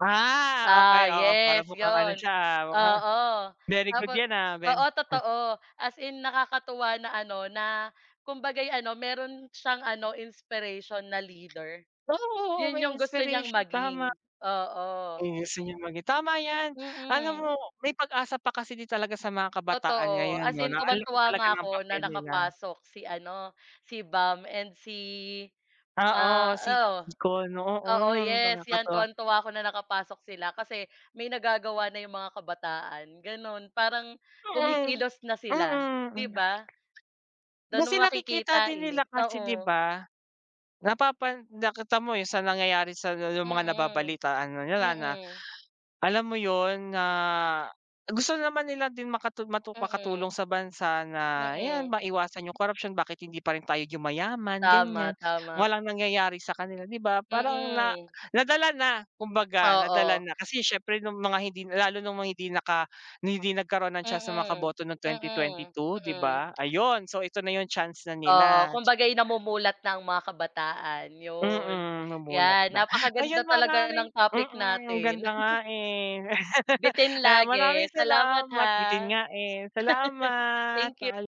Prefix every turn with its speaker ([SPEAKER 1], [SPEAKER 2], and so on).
[SPEAKER 1] Ah, okey
[SPEAKER 2] Ah,
[SPEAKER 1] oo, para
[SPEAKER 2] yes
[SPEAKER 1] mukhang ano
[SPEAKER 2] yun.
[SPEAKER 1] siya mukhang,
[SPEAKER 2] Oo
[SPEAKER 1] very good
[SPEAKER 2] tapos,
[SPEAKER 1] yan very,
[SPEAKER 2] oo
[SPEAKER 1] ah.
[SPEAKER 2] totoo as in nakakatuwa na ano na kumbaga'y ano meron siyang ano inspiration na leader.
[SPEAKER 1] Oo, oo
[SPEAKER 2] Yun
[SPEAKER 1] may
[SPEAKER 2] yung gusto niyang
[SPEAKER 1] inspiration, tama.
[SPEAKER 2] maging,
[SPEAKER 1] Eh
[SPEAKER 2] oo.
[SPEAKER 1] [unintelligible] tama yan, alam
[SPEAKER 2] Mm.
[SPEAKER 1] mo may pag-asa pa kasi din talaga sa mga kabataan
[SPEAKER 2] Totoo
[SPEAKER 1] ngayon
[SPEAKER 2] as
[SPEAKER 1] 'no
[SPEAKER 2] in
[SPEAKER 1] na alam
[SPEAKER 2] tuwang-tuwa
[SPEAKER 1] talaga
[SPEAKER 2] nga
[SPEAKER 1] ng
[SPEAKER 2] ako na
[SPEAKER 1] papel nila.
[SPEAKER 2] nakapasok si ano si Bam and si, ah,
[SPEAKER 1] Oo, si
[SPEAKER 2] oo,
[SPEAKER 1] Vico 'no,
[SPEAKER 2] oo,
[SPEAKER 1] hmm,
[SPEAKER 2] yes, yan
[SPEAKER 1] nakakatuwa.
[SPEAKER 2] tuwang-tuwa ako na nakapasok sila. Kasi may nagagawa na yung mga kabataan ganun. Parang
[SPEAKER 1] Mm,
[SPEAKER 2] kumikilos na sila di
[SPEAKER 1] mm.
[SPEAKER 2] ba? Dun
[SPEAKER 1] Kasi
[SPEAKER 2] mo
[SPEAKER 1] nakikita
[SPEAKER 2] makikita,
[SPEAKER 1] din
[SPEAKER 2] eh,
[SPEAKER 1] nila kasi di
[SPEAKER 2] oo.
[SPEAKER 1] ba? Napapan nakita mo yung sa nangyayari sa yung mga
[SPEAKER 2] Mm,
[SPEAKER 1] nababalitaan na nila na,
[SPEAKER 2] mm.
[SPEAKER 1] alam mo yun na gusto naman nila din makatu matu
[SPEAKER 2] Mm.
[SPEAKER 1] makatulong sa bansa na
[SPEAKER 2] Mm.
[SPEAKER 1] yan maiwasan yung corruption, bakit hindi pa rin tayo yumayaman ganyan,
[SPEAKER 2] Tama, tama.
[SPEAKER 1] walang nangyayari sa kanila di ba parang na
[SPEAKER 2] Mm.
[SPEAKER 1] nadala na kumbaga nadala
[SPEAKER 2] Oo.
[SPEAKER 1] na. Kasi siyempre nung mga hindi lalo nung mga hindi naka hindi nagkaroon ng chance na siya sa mga
[SPEAKER 2] Mm,
[SPEAKER 1] boto ng twenty tweenty
[SPEAKER 2] mm,
[SPEAKER 1] two di
[SPEAKER 2] mm.
[SPEAKER 1] ba? Ayun so ito na yung chance na
[SPEAKER 2] Oo,
[SPEAKER 1] nila.
[SPEAKER 2] kumbaga yun namumulat na ang mga kabataan yun.
[SPEAKER 1] Mm, mamulat
[SPEAKER 2] Yan
[SPEAKER 1] na, ayan
[SPEAKER 2] napakaganda talaga
[SPEAKER 1] maraming
[SPEAKER 2] ng topic
[SPEAKER 1] mm,
[SPEAKER 2] natin.
[SPEAKER 1] ganda nga, eh.
[SPEAKER 2] Bitin lagi
[SPEAKER 1] Maraming
[SPEAKER 2] salamat
[SPEAKER 1] salamat
[SPEAKER 2] ha.
[SPEAKER 1] bitin nga, eh, salamat.
[SPEAKER 2] Thank you.
[SPEAKER 1] Paalam.